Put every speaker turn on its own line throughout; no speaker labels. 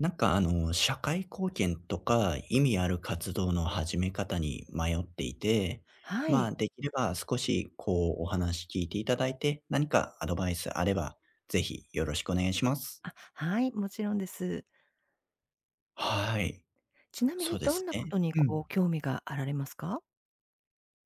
何かあの、社会貢献とか、意味ある活動の始め方に迷っていて、
は
ま
い。
あ、できれば少しこう、お話聞いていただいて、何かアドバイスあれば、是非よろしくお願いします。
あ、はい。もちろんです。
はい。
ちなみ
そ
に、
うで
ど
す
んな
ね
事に
う
こ
ん。
う、興味があられますか？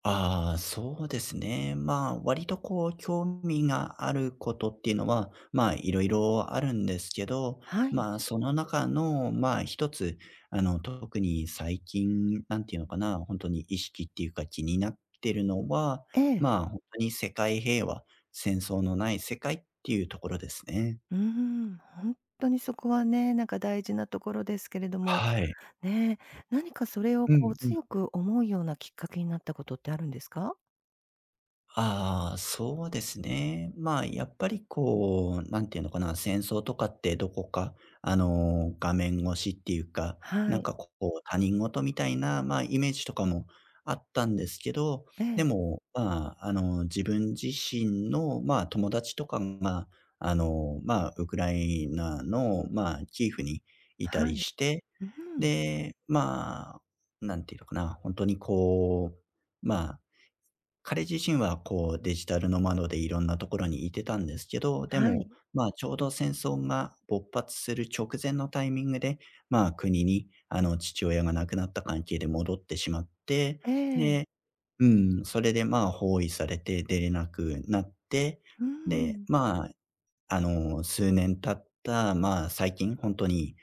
ああ、そうですね。まあ、割とこう、興味があることっていうのは、ま、いろいろあるんですけど、
はい。
まあ、その中のまあ、一つ、あの、特に最近なんていうのかな、ほんとに意識っていうか気になってるのは、
ええ。
まあ、ほんとに世界平和、戦争のない世界っていうところですね。
うーん、ほんっとにそこはね、なんか大事なところですけれども。
はい。
ね、何かそれを
う
こう、
んうん。
強く思うようなきっかけになったことってあるんですか？
ああ、そうですね。まあ、やっぱりこう、なんていうのかな、戦争とかってどこか、あの、画面越しっていうか、
は
なん
い。
かこう他人事みたいな、まあ、イメージとかもあったんですけど、
え
で
え。
も、まあ、あの、自分自身のまあ、友達とかが、あの、まあ、ウクライナのまあ、キーフにいた
は
り
い。
して、
うん。
で、まあ、何て言うのかな、ほんとにこう、まあ、彼自身はこう、デジタルノマドでいろんなところにいてたんですけど、で
はい。
も、まあ、ちょうど戦争が勃発する直前のタイミングで、まあ、国にあの、父親が亡くなった関係で戻ってしまって、
ええ。
でうん、それでまあ、包囲されて出れなくなって、
うー
で、
ん。
まあ、あの、数年経った、まあ、最近ほんとに、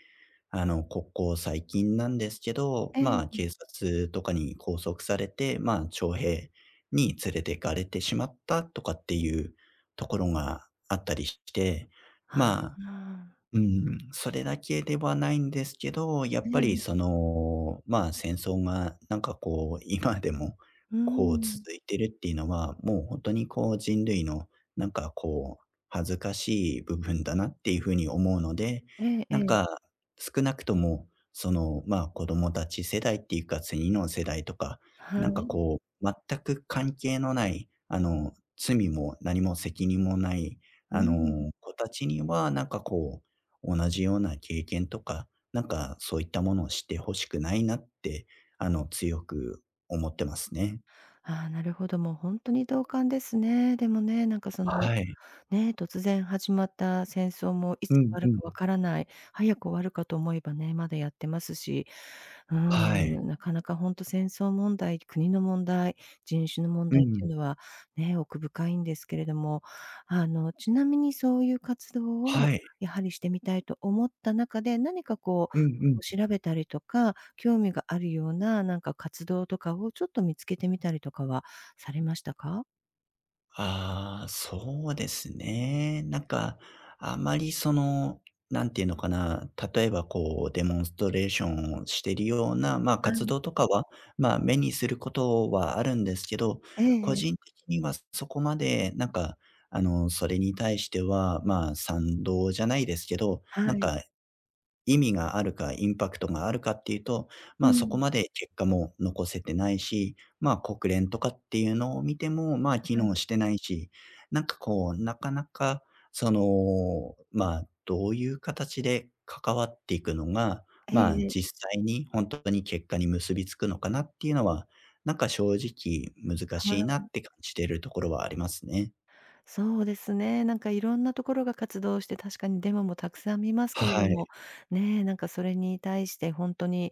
あの、ここ最近なんですけど、
ええ、
ま、
うん。
警察とかに拘束されて、ま、徴兵に連れて行かれてしまったとかっていうところがあったりして、
あ
ま
あ。
うん、それだけではないんですけど、やっ
ええ
ぱ
え
りそ
え。
の、ま、戦争がなんかこう今でも、
う
こう
ん。
続いてるっていうのは、もうほんとにこう、人類のなんかこう、恥ずかしい部分だなっていう風に思うので、
えええ
なん
え。
か、少なくとも、その、まあ、子供たち世代っていうか、次の世代とか、
は
何か
い。
こう全く関係のない、あの、罪も何も責任もない、
う
あ
ん。
の、子たちには、何かこう、同じような経験とか、何かそういったものをして欲しくないなって、あの、強く思ってますね。
ああ、なるほど、もうほんとに同感ですね。でもね、なんかその
はい。
ね、突然始まった戦争もい
う
つ終
ん
わ
う
る
ん。
か分からない、早く終わるかと思えばね、まだやってますし、う
はい。
ん、なかなかほんと戦争問題、国の問題、人種の問
う
題っ
ん。
ていうのは、ね、奥深いんですけれども、あの、ちなみにそういう活動
は
を、
い。
やはりしてみたいと思った中で、何かこう、
うんう
こ
ん。
う調べたりとか、興味があるようななんか、活動とかをちょっと見つけてみたりとかはされましたか？
ああ、そうですね。なんか、あまりその、なんていうのかな、例えばこうデモンストレーションをしてるような、ま、
は
活
い。
動とかは、ま、目にすることはあるんですけど、
ええ
個
ええ。
人的にはそこまでなんか、あの、それに対しては、ま、賛同じゃないですけど、
は
なん
い。
か、意味があるか、インパクトがあるかっていうと、
う
まあ、そこ
ん。
まで結果も残せてないし、まあ、国連とかっていうのを見ても、まあ、機
はい。
能してないし、何かこう、なかなか、その、まあ、どういう形で関わっていくのが、
え
まあ、
えええ。
実際にほんとに結果に結びつくのかなっていうのは、何か正直難
は
しいな
い。
って感じてるところはありますね。
そうですね。なんかいろんな所が活動して、確かにデモもたくさん見ますけれど
は
も、
い。
ね、なんかそれに対してほんとに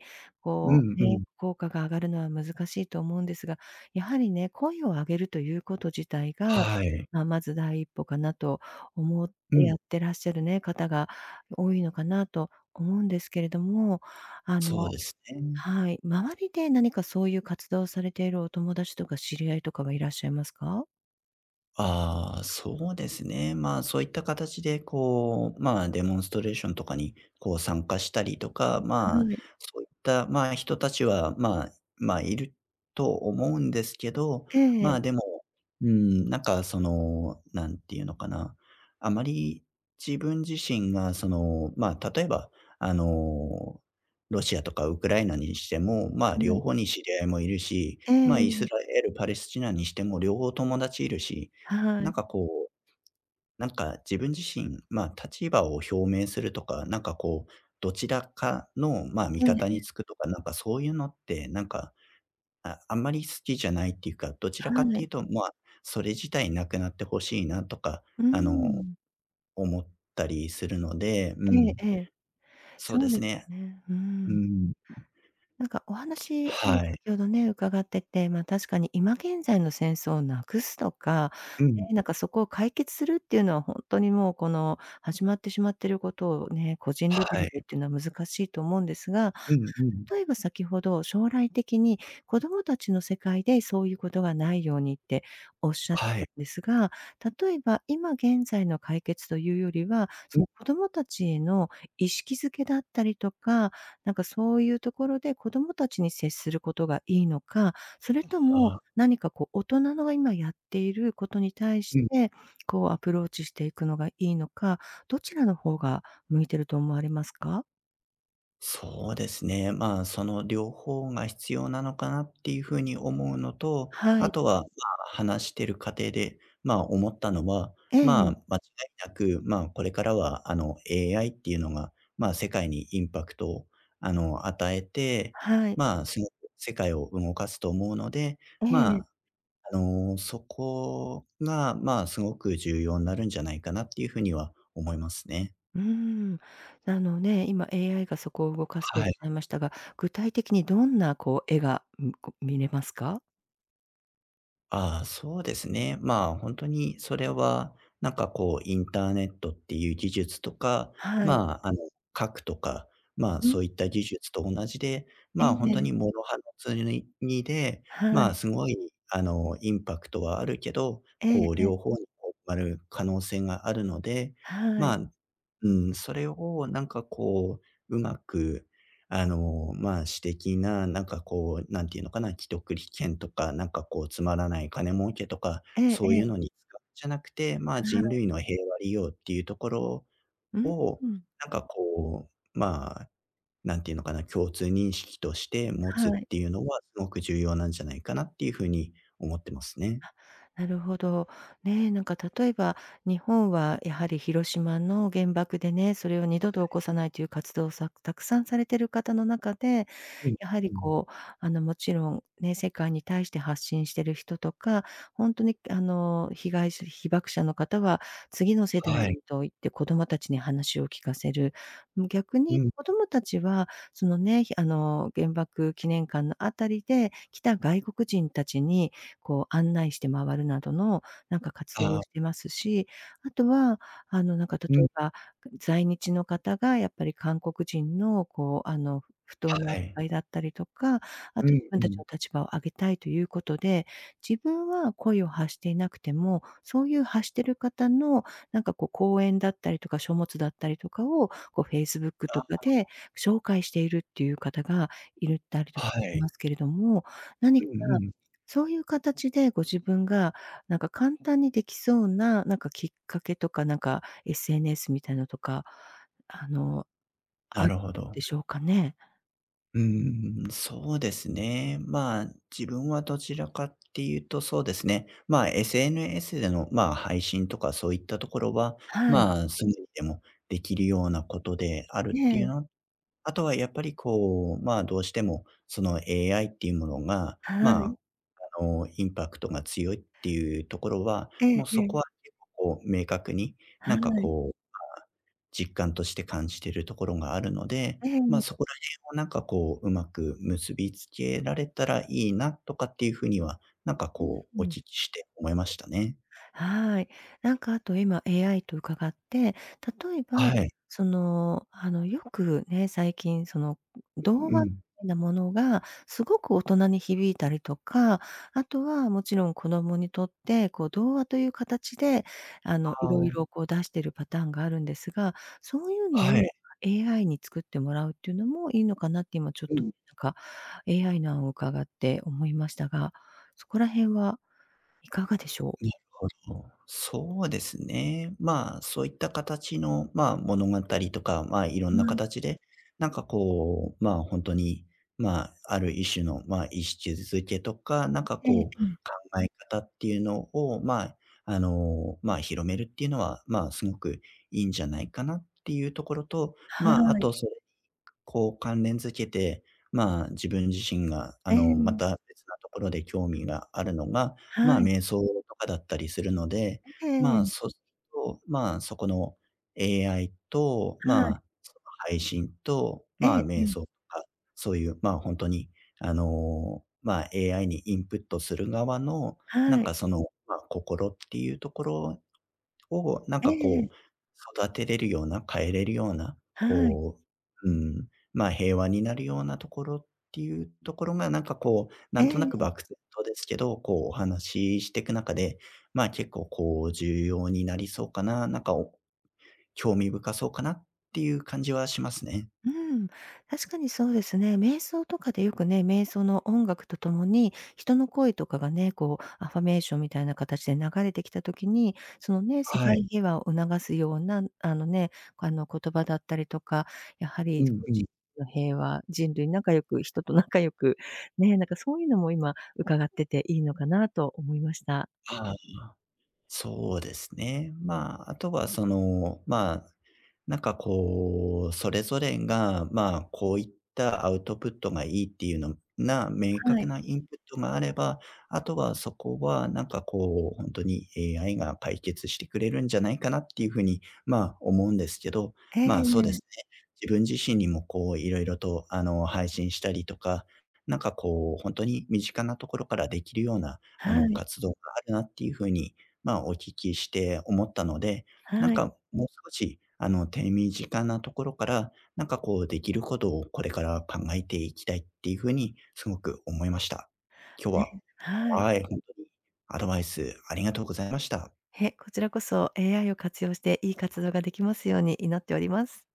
う
こ
ん
う、
う
ね、
ん。
効果が上がるのは難しいと思うんですが、やはりね、声を上げるという事自体が、
はい。
あ、まず第一歩かなと思っ
う
て
ん。
やってらっしゃるね、方が多いのかなと思うんですけれども、あ
そう
の
ですね。
はい、周りで何かそういう活動をされているお友達とか知り合いとかはいらっしゃいますか？
ああ、そうですね。ま、そういった形でこう、ま、デモンストレーションとかに、こう参加したりとか、ま、
はい。
そういった、ま、人たちはま、ま、いると思うんですけど、
ええ。
ま、でも、うーん、なんか、その、なんて言うのかな、あまり自分自身がその、ま、例えばあの、ロシアとかウクライナにしても、まあ、
は
両
い。
方に知り合いもいるし、
え
まあ、イ
え。
スラエル、パレスチナにしても両方友達いるし、
は
な
い。
んかこう、なんか自分自身、ま、立場を表明するとか、何かこう、どちらかの、まあ、味
ええ
方
え
に
え。
つくとか、なんかそういうのって、何か、ああんまり好きじゃないっていうか、どちらかっ
は
てい
い。
うと、まあ、それ自体なくなって欲しいなとか、
う
あの、
ん。
思ったりするので、う
ええ
ん、
ええ。
そう
そ
で
うで
す
す
ね。
ね、う
う
ん。
ん。
なんかお話
は
も
い。
先ほどね、伺ってて、まあ確かに今現在の戦争を無くすとか、
う
ね、
ん。
なんかそこを解決するっていうのは、ほんとにもう、この始まってしまってることをね、個人レベ
は
ルでっ
い。
ていうのは難しいと思うんですが、
うんうん。
例えば先程、将来的に子供達の世界で、そうゆう事がないようにっておっしゃっ
は
た
い。
んですが、例えば今現在の解決というよりは、そ
う。
の子供達への意識づけだったりとか、なんかそうゆう所で子供達に接する事がいいのか、それと
あ
も
あ。
何かこう、大人の今やっている事に対
う
し
ん。
て、こうアプローチしていくのがいいのか、どちらの方が向いてると思われますか？
そうですね。まあ、その両方が必要なのかなっていう風に思うのと、
はい。
後は、まあ、話してる過程で、まあ、思ったのは、
え
まあ、
え。
間違いなく、まあ、これからはあの、AI っていうのが、まあ、世界にインパクトをあの、与えて、
はい。
まあ、すごく世界を動かすと思うので、
え
ま
え。
あ、あの、そこが、まあ、すごく重要なるんじゃないかなっていう風には思いますね。
うーん。なのね、今 AI がそこを動かすとおっ
は
し
い。
ゃいましたが、具体的にどんなこう、絵が、うん、こう、見れますか？
ああ、そうですね。まあ、ほんとにそれは、なんかこう、インターネットっていう技術とか、
はい。
まあ、あの、核とか、まあ、
う
そう
ん。
いった技術と同じで、
え
まあ、ほんと
え。
に諸刃のつにゅに、にで、
は
まあ、
い。
すごい、あの、インパクトはあるけど、
ええ、
こう、
ええ。
両方にこう、ばる可能性があるので、
は
ま
い。
あ、んうん、それをなんかこう上手く、あの、まあ、私的ななんかこう、なんていうのかな、既得利権とか、なんかこう、つまらない金儲けとか、
ええ
そう
え
い
え。
うのに使じゃなくて、まあ、
は
人
い。
類の平和利用っていうところ
うん、
を、
うん。
なんかこう、まあ、何て言うのかな、共通認識として持つっ
はい。
ていうのは、すごく重要なんじゃないかなっていう風に思ってますね。
あ、なるほど、ね。なんか例えば、日本はやはり広島の原爆でね、それを二
は
度と起
い。
こさないという活動さくたくさんされてる方の中で、
うん、
やは
う
り
ん。
こう、あの、もちろん、ね、世界に対して発信してる人とか、ほんとに、あの、被害者、被爆者の方は次の世代
は
に
い。
と言って子供達に話を聞かせる。む逆
う
に
ん。
子供達は、そのね、ひあの、原爆記念館の辺りで来た外国人達にこう、案内して回るなどの、なんか活動
あ
を
あ。
してますし、後は、あの、なんか例
う
え
ん。
ば、在日の方がやっぱり韓国人のこう、あの、不当
は
な
い。
かいだったりとか、
う
後、自
ん、
分
う
達
ん。
の立場を上げたいという事で、自分はこいを発していなくても、そういう発してる方の、なんかこう、講演だったりとか書物だったりとかを、こう Facebook と
あ
かで
あ。
紹介しているっていう方がいるだりと
は
かし
い。
ますけれども、何
う
か
んうん。
そういう形でご自分が、なんか簡単に出来そうな、なんかきっかけとか、なんか SNS みたいのとか、あの、あ
な
る
るほ
で
ど。
しょうかね？
うんうんうん、そうですね。まあ、自分はどちらかっていうと、そうですね。まあ SNS での、まあ、配信とか、そういったところは、
はい。
まあ、すぐにでもできるようなことであ
え
るっていう
え。
のあとはやっぱりこう、まあ、どうしても、その AI っていうものが、
はい。
まあ、あの、インパクトが強いっていうところは、
え
も
え
うそ
え
こ
え。
は結構こう、明確に、な
は
んか
い。
こう、あ、実感として感じてるところがあるので、
え
まあ、
え。
そこら辺をなんかこう、上手く結びつけられたらいいなとかっていう風には、何か
うん
こ
う
う、お
ん。
聞きして思いましたね。
はい。なんか後、今 AI と伺って、例えば、
はい。
その、あの、よくね、最近その
うん
童
う
話
ん。
なものが、すごく大人に響いたりとか、後はもちろん子供にとって、こう、童話という形で、あの、
あ
色
あ。
々こう、出してるパターンがあるんですが、そうゆうの
はい。
を AI に作ってもらうっていうのもいいのかなって、今ちょっ
う
と
ん。
なんか AI の案を伺って思いましたが、そこら辺はいかがでしょう？
なるほど。そうですね。まあ、そういった形の、まあ、物語とか、まあ、色ん
は
な
い。
形で、なんかこう、まあ、ほんとに、まあ、ある一種の、まあ、意識付けとか、なんか
ええ
こう、
ええ。
考え方っていうのをまあ、あの、まあ、広めるっていうのは、まあ、すごくいいんじゃないかなっていうところと、
は
まあ、あ
い。
とそれに、こう、関連付けて、まあ、自分自身が、あ
え
の、ま
え。
た別なところで興味があるのが、まあ、
はい。
瞑想とかだったりするので、
え
ま
え。
あ、そすと、まあ、そこの AI と、
はい。
まあ、その配信と、
え
ま
え
あ、
え
瞑
え。
想とか、そういう、まあ、ほんとに、あの、まあ、AI にインプットする側の、な
は
ん
い。
かその、ま、心っていうところを何
え
か
えええ。
こう、育てれるような、変えれるような、
はい。
こう、うーん、まあ、平和になるようなところっていうところが、何かこう、
え
何と
え
なく
ええ。
漠然とですけど、こう、お話ししてく中で、まあ、結構こう、重要になりそうかな、何かお興味深そうかなっていう感じはしますね。
うん、確かにそうですね。瞑想とかでよくね、瞑想の音楽と共に、人の声とかがね、こう、affirmation みたいな形で流れてきた時に、そのね、世
はい。
界平和を促すような、あのね、あの、言葉だったりとか、やは
う
り
んうん。
の平和、人類仲良く、人と仲良くね、なんかそうゆうのも今伺ってていいのかなと思いました。
ああああ、そうですね。まあ、あとはその、まあ、何かこう、それぞれが、まあ、こういったアウトプットがいいっていうのな、明
は
確
い。
なインプットがあれば、後はそこは何かこう、ほんとに、AI が解決してくれるんじゃないかなっていう風に、まあ、思うんですけど、
ええ
まあ、そうです
ええ。
ね。自分自身にもこう、いろいろと、あの、配信したりとか、何かこう、ほんとに身近なところからできるような、あ
は
の、
い。
活動があるなっていう風に、まあ、お聞きして思ったので、何
はい。
かもう少し、あの、手短なところから、何かこう、できることをこれから考えていきたいっていう風に、すごく思いました。今日
ね、
は
はい。
はい、ほんとにアドバイスありがとうございました。
へ、こちらこそ、AI を活用して、良い活動ができますように祈っております。